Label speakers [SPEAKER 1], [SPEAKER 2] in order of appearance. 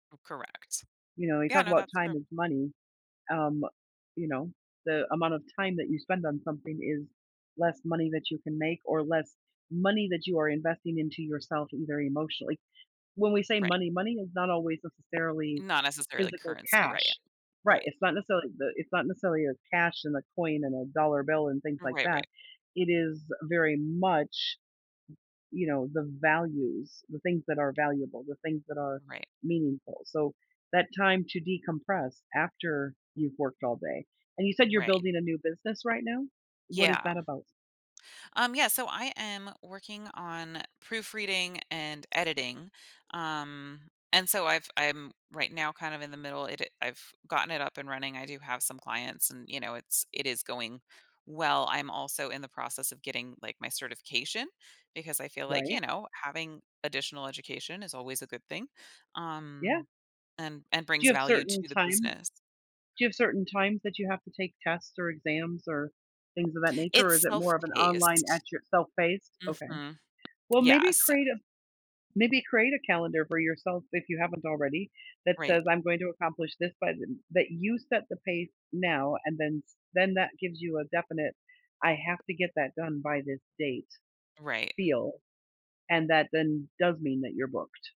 [SPEAKER 1] U Correct.
[SPEAKER 2] You know, we
[SPEAKER 1] Yeah.
[SPEAKER 2] talk
[SPEAKER 1] No,
[SPEAKER 2] about,
[SPEAKER 1] that's true.
[SPEAKER 2] "time is money." Um, you know, the amount of time that you spend on something is less money that you can make, or less money that you are investing into yourself and very emotionally. When we say,
[SPEAKER 1] Right.
[SPEAKER 2] "money," money is not always necessarily
[SPEAKER 1] Not necessarily, like,
[SPEAKER 2] physical
[SPEAKER 1] currency, right.
[SPEAKER 2] cash right,
[SPEAKER 1] Right.
[SPEAKER 2] it's not necessarily the it's not necessarily a cash and a coin and a dollar bill and things like
[SPEAKER 1] Right, right.
[SPEAKER 2] that. It is very much, you know, the values, the things that are valuable, the things that are
[SPEAKER 1] Right.
[SPEAKER 2] meaningful, so, that time to decompress after you've worked all day and you said you're
[SPEAKER 1] Right.
[SPEAKER 2] building a new business, right now? What is
[SPEAKER 1] Yeah.
[SPEAKER 2] that about?
[SPEAKER 1] Um, yeah, so I am working on proofreading and editing, um, and so, I've I'm right now kind of in the middle it I've gotten it up and running. I do have some clients and, you know, it's it is going well. I'm, also, in the process of getting, like, my certification because I feel like, you
[SPEAKER 2] Right.
[SPEAKER 1] know, having additional education is always a good thing,
[SPEAKER 2] Yeah.
[SPEAKER 1] um, and and
[SPEAKER 2] Do
[SPEAKER 1] brings
[SPEAKER 2] you have
[SPEAKER 1] value
[SPEAKER 2] certain
[SPEAKER 1] to the
[SPEAKER 2] times
[SPEAKER 1] business.
[SPEAKER 2] do you have certain times that you have to take tests or exams or things of that nature, or is
[SPEAKER 1] It's
[SPEAKER 2] it more of an online at
[SPEAKER 1] self-paced.
[SPEAKER 2] your self-paced? Okay.
[SPEAKER 1] Mhm,
[SPEAKER 2] Well,
[SPEAKER 1] yeah,
[SPEAKER 2] maybe
[SPEAKER 1] so
[SPEAKER 2] create a maybe create a calendar for yourself, if you haven't already, that
[SPEAKER 1] Right.
[SPEAKER 2] says, "I'm going to accomplish this by the" that you set the pace now and then s then that gives you a definite "I have to get that done by this date"
[SPEAKER 1] Right.
[SPEAKER 2] feel, and that, then, does mean that you're booked.